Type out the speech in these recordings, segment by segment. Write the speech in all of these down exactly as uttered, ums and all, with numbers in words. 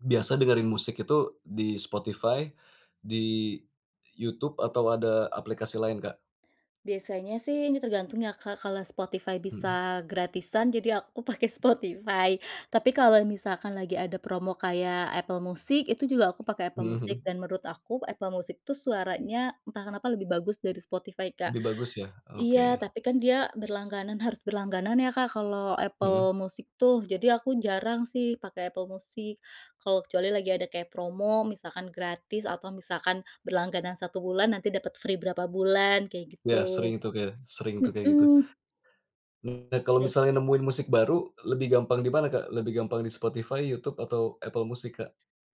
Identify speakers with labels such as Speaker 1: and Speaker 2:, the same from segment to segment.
Speaker 1: Biasa dengerin musik itu di Spotify, di YouTube atau ada aplikasi lain Kak?
Speaker 2: Biasanya sih ini tergantung ya Kak, kalau Spotify
Speaker 1: Mhm.
Speaker 2: bisa gratisan jadi aku pakai Spotify tapi kalau misalkan lagi ada promo kayak Apple Music itu juga aku pakai Apple
Speaker 1: Mhm
Speaker 2: Music
Speaker 1: mhm.
Speaker 2: dan menurut aku Apple Music itu suaranya entah kenapa lebih bagus dari Spotify Kak,
Speaker 1: Lebih bagus ya,
Speaker 2: iya
Speaker 1: oke.
Speaker 2: tapi kan dia berlangganan harus berlangganan ya Kak, kalau
Speaker 1: Heeh.
Speaker 2: Apple Music tuh jadi aku jarang sih pakai Apple Music, kalau kecuali lagi ada kayak promo misalkan gratis atau misalkan berlangganan satu bulan nanti dapet free berapa bulan kayak
Speaker 1: Ya
Speaker 2: gitu,
Speaker 1: sering itu kayaknya, sering tuh kayak gitu.
Speaker 2: mhm.
Speaker 1: Nah kalau
Speaker 2: Baik.
Speaker 1: misalnya nemuin musik baru lebih gampang dimana Kak? Lebih gampang di Spotify, YouTube, atau Apple Music Kak?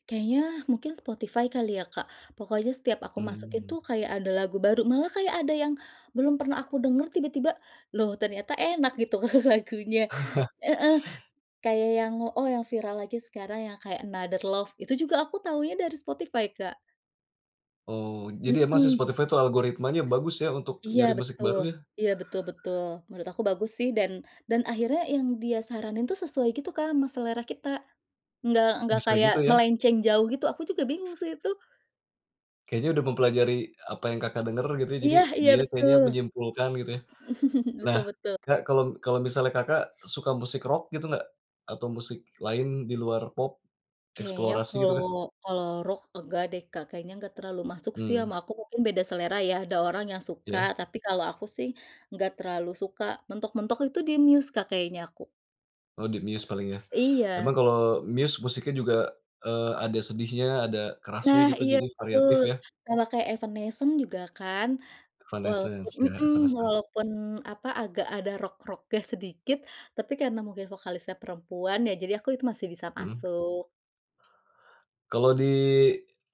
Speaker 2: Kayaknya mungkin Spotify kali ya Kak, pokoknya setiap aku masukin
Speaker 1: Mmm.
Speaker 2: tuh kayak ada lagu baru malah kayak ada yang, belum pernah aku denger tiba-tiba loh ternyata enak gitu lagunya, heeh, kayak yang oh yang viral lagi sekarang yang kayak Another Love itu juga aku taunya dari Spotify Kak.
Speaker 1: Oh jadi emang si
Speaker 2: Mhm.
Speaker 1: Spotify itu algoritmanya bagus ya untuk
Speaker 2: Iya
Speaker 1: nyari musik
Speaker 2: betul
Speaker 1: baru ya?
Speaker 2: iya betul betul menurut aku bagus sih dan dan akhirnya yang dia saranin tuh sesuai gitu Kak, ama selera kita, nggak nggak
Speaker 1: Bisa
Speaker 2: kayak
Speaker 1: gitu ya?
Speaker 2: melenceng jauh gitu, aku juga bingung sih itu.
Speaker 1: Kayaknya udah mempelajari apa yang Kakak, denger gitu ya jadi
Speaker 2: Iya iya
Speaker 1: dia kayaknya
Speaker 2: betul.
Speaker 1: menyimpulkan gitu ya? Nah
Speaker 2: Betul betul.
Speaker 1: Kak, kalo kalo misalnya Kakak, suka musik rock gitu gak? Atau musik lain di luar pop,
Speaker 2: Kayaknya
Speaker 1: eksplorasi gitu
Speaker 2: kalau
Speaker 1: Kak?
Speaker 2: kalau rock enggak deh Kak, kayaknya nggak terlalu masuk sih ama
Speaker 1: Mmm.
Speaker 2: aku mungkin beda selera ya, ada orang yang suka
Speaker 1: Iya.
Speaker 2: tapi kalau aku sih, nggak terlalu suka mentok-mentok itu di Muse Kak, kayaknya aku.
Speaker 1: Oh di Muse paling ya, emang
Speaker 2: Iya.
Speaker 1: kalo Muse musiknya juga, eee, ada sedihnya, ada kerasnya
Speaker 2: Nah
Speaker 1: gitu
Speaker 2: iya
Speaker 1: jadi
Speaker 2: betul,
Speaker 1: variatif ya?
Speaker 2: sama kayak Evanescence juga kan, walaupun
Speaker 1: Evanescence, iya
Speaker 2: mhm,
Speaker 1: Evanescence.
Speaker 2: walaupun apa, agak ada rock-rocknya sedikit tapi karena mungkin vokalisnya perempuan ya jadi aku itu masih bisa
Speaker 1: Mhm.
Speaker 2: masuk.
Speaker 1: Kalo di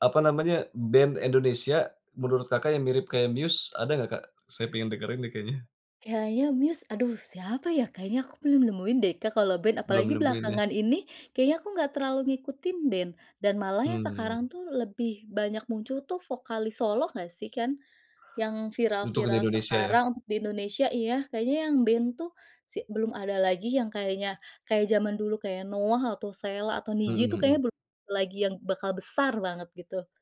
Speaker 1: apa namanya, band Indonesia menurut Kakak, yang mirip kayak Muse ada ga Kak? Saya pengen dengerin nih kayaknya.
Speaker 2: Kayaknya Muse, aduh siapa ya kayaknya aku belum nemuin deh Kak, kalau band
Speaker 1: Belum
Speaker 2: apalagi
Speaker 1: nemuin ya?
Speaker 2: belakangan ini kayaknya aku nggak terlalu ngikutin band dan malah yang
Speaker 1: Mhm.
Speaker 2: sekarang tuh lebih banyak muncul tuh vokalis solo gak sih kan, yang
Speaker 1: Untuk yang di
Speaker 2: viral-viral
Speaker 1: Indonesia ya?
Speaker 2: sekarang untuk di Indonesia iya kayaknya yang band tuh si belum ada lagi yang kayaknya kayak zaman dulu kayak NOAH atau Sheila atau Nidji
Speaker 1: Mhm
Speaker 2: tuh kayaknya
Speaker 1: mhm.
Speaker 2: belum lagi yang bakal besar banget gitu.